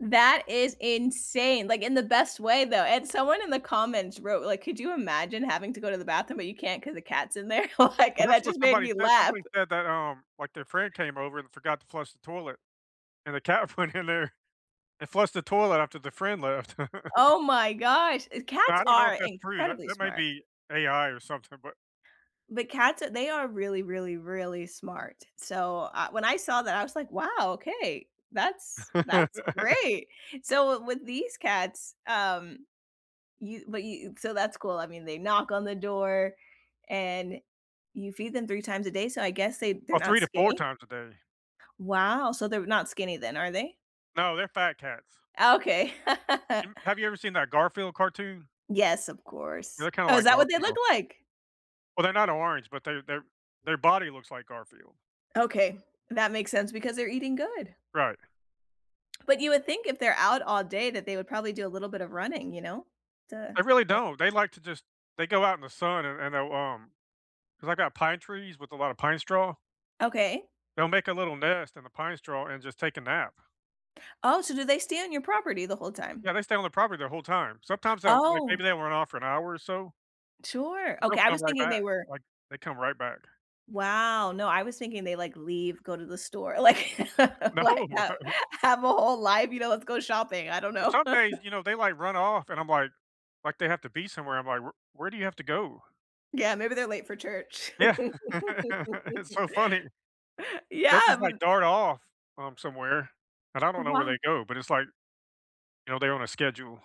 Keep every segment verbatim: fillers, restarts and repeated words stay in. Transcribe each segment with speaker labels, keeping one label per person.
Speaker 1: That is insane, like, in the best way, though and someone in the comments wrote, like, "Could you imagine having to go to the bathroom, but you can't 'cause the cat's in there?" Like
Speaker 2: Well,
Speaker 1: and
Speaker 2: that's
Speaker 1: that
Speaker 2: what
Speaker 1: just made
Speaker 2: somebody
Speaker 1: me
Speaker 2: said
Speaker 1: laugh.
Speaker 2: somebody said that, um, like, their friend came over and forgot to flush the toilet, and the cat went in there and flushed the toilet after the friend left.
Speaker 1: Oh my gosh, e
Speaker 2: Now
Speaker 1: cats
Speaker 2: I don't know if
Speaker 1: are
Speaker 2: that's true, that
Speaker 1: incredibly
Speaker 2: that might
Speaker 1: smart.
Speaker 2: be AI or something, but
Speaker 1: But cats, they are really, really, really smart. So, uh when I saw that, I was, like, "Wow, okay. That's that's great." So, with these cats, um, you but you so, that's cool, I mean they knock on the door and you feed them three times a day, so I guess they they're
Speaker 2: Or,
Speaker 1: not
Speaker 2: three to four
Speaker 1: skinny.
Speaker 2: times a day.
Speaker 1: Wow, so, they're not skinny then, are they?
Speaker 2: No, they're fat cats.
Speaker 1: Okay.
Speaker 2: You have ever seen that Garfield cartoon?
Speaker 1: Yes, of course.
Speaker 2: They're kinda
Speaker 1: Oh, is
Speaker 2: like
Speaker 1: that what they look
Speaker 2: Garfield.
Speaker 1: like?
Speaker 2: Well, they're not orange, but their their their body looks like Garfield.
Speaker 1: Okay, that makes sense because they're eating good.
Speaker 2: Right.
Speaker 1: But you would think if they're out all day that they would probably do a little bit of running, you know?
Speaker 2: They
Speaker 1: To
Speaker 2: really don't, they like to just they go out in the sun and and they'll, um 'cause I got pine trees with a lot of pine straw
Speaker 1: Okay.
Speaker 2: They'll make a little nest in the pine straw and just take a nap.
Speaker 1: Oh, so do they stay on your property the whole time?
Speaker 2: Yeah, they stay on the property their whole time. Sometimes, they'll, like maybe
Speaker 1: Oh!
Speaker 2: run off for an hour or so.
Speaker 1: Sure,
Speaker 2: They'll
Speaker 1: okay, I
Speaker 2: come
Speaker 1: was
Speaker 2: right
Speaker 1: thinking
Speaker 2: back,
Speaker 1: they were
Speaker 2: like, they come right back.
Speaker 1: Wow, no, I was thinking they, like, leave, go to the store. Like
Speaker 2: No.
Speaker 1: like, have have a whole life, you know? Let's go shopping. I don't
Speaker 2: Well
Speaker 1: know.
Speaker 2: some days, you know, they, like, run off, and I'm, like like, they have to be somewhere, I'm, like, "Wher where do you have to go?"
Speaker 1: Yeah, maybe they're late for church.
Speaker 2: Yeah. It's so funny. They'll
Speaker 1: Yeah
Speaker 2: just, like,
Speaker 1: v
Speaker 2: dart off, um, somewhere, and I don't know where
Speaker 1: Wow
Speaker 2: they go, but it's like you know, they're on a schedule.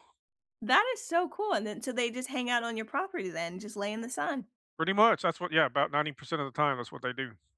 Speaker 1: That is so cool, and then so they just hang out on your property then, just lay in the sun.
Speaker 2: Pretty much, that's what yeah about ninety percent of the time, that's what they do.